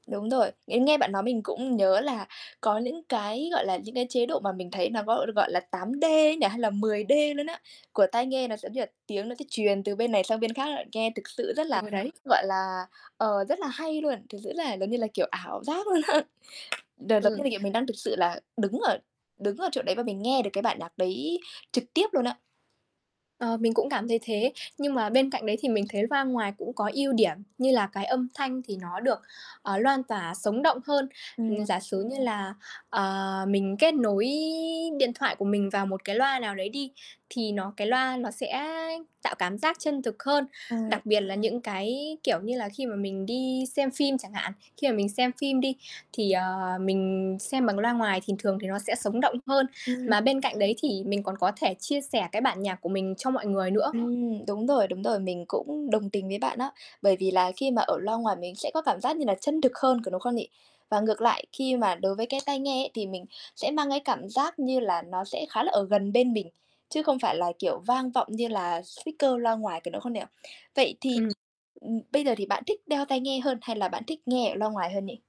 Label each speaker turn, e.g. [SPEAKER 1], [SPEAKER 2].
[SPEAKER 1] Đúng rồi, nên nghe bạn nói mình cũng nhớ là có những cái, gọi là, những cái chế độ mà mình thấy nó gọi được gọi là 8D ấy nhỉ? Hay là 10D luôn á của tai nghe nó sẽ giống như là tiếng nó sẽ truyền từ bên này sang bên khác á, nghe thực sự rất là,
[SPEAKER 2] Ừ, đấy.
[SPEAKER 1] gọi là, ờ, rất là hay luôn, thực [unintelligible] giống như là, kiểu, ảo giác luôn á. Đợt là
[SPEAKER 2] Ừm.
[SPEAKER 1] [unintelligible] mình đang thực sự là đứng ở đứng ở chỗ đấy và mình nghe được cái bản nhạc đấy trực tiếp luôn á.
[SPEAKER 2] Ờ, mình cũng cảm thấy thế, nhưng mà bên cạnh đấy thì mình thấy loa ngoài cũng có ưu điểm như là cái âm thanh thì nó được, ờ, loan tỏa sống động hơn. Ừm,
[SPEAKER 1] Ừm.
[SPEAKER 2] giả sử như là, ờ, mình kết nối điện thoại của mình vào một cái loa nào đấy đi, thì nó cái loa nó sẽ tạo cảm giác chân thực hơn.
[SPEAKER 1] Ừm.
[SPEAKER 2] Đặc biệt là những cái, kiểu như là, khi mà mình đi xem phim chẳng hạn, khi mà mình xem phim đi thì, ờ, mình xem bằng loa ngoài thì thường thì nó sẽ sống động hơn.
[SPEAKER 1] Ừm.
[SPEAKER 2] Mà bên cạnh đấy thì mình còn có thể chia sẻ cái bản nhạc của mình cho mọi người nữa.
[SPEAKER 1] Ừm, đúng rồi, đúng rồi. Mình cũng đồng tình với bạn á. Bởi vì là khi mà ở loa ngoài mình sẽ có cảm giác như là chân thực hơn, có đúng không nhỉ? Và ngược lại khi mà đối với cái tai nghe ấy, thì mình sẽ mang cái cảm giác như là nó sẽ khá là ở gần bên mình, chứ không phải là, kiểu, vang vọng như là speaker loa ngoài, có đúng không nhỉ? Vậy thì,
[SPEAKER 2] Ừm.
[SPEAKER 1] ừm, bây giờ thì bạn thích đeo tai nghe hơn hay là bạn thích nghe ở loa ngoài hơn nhỉ?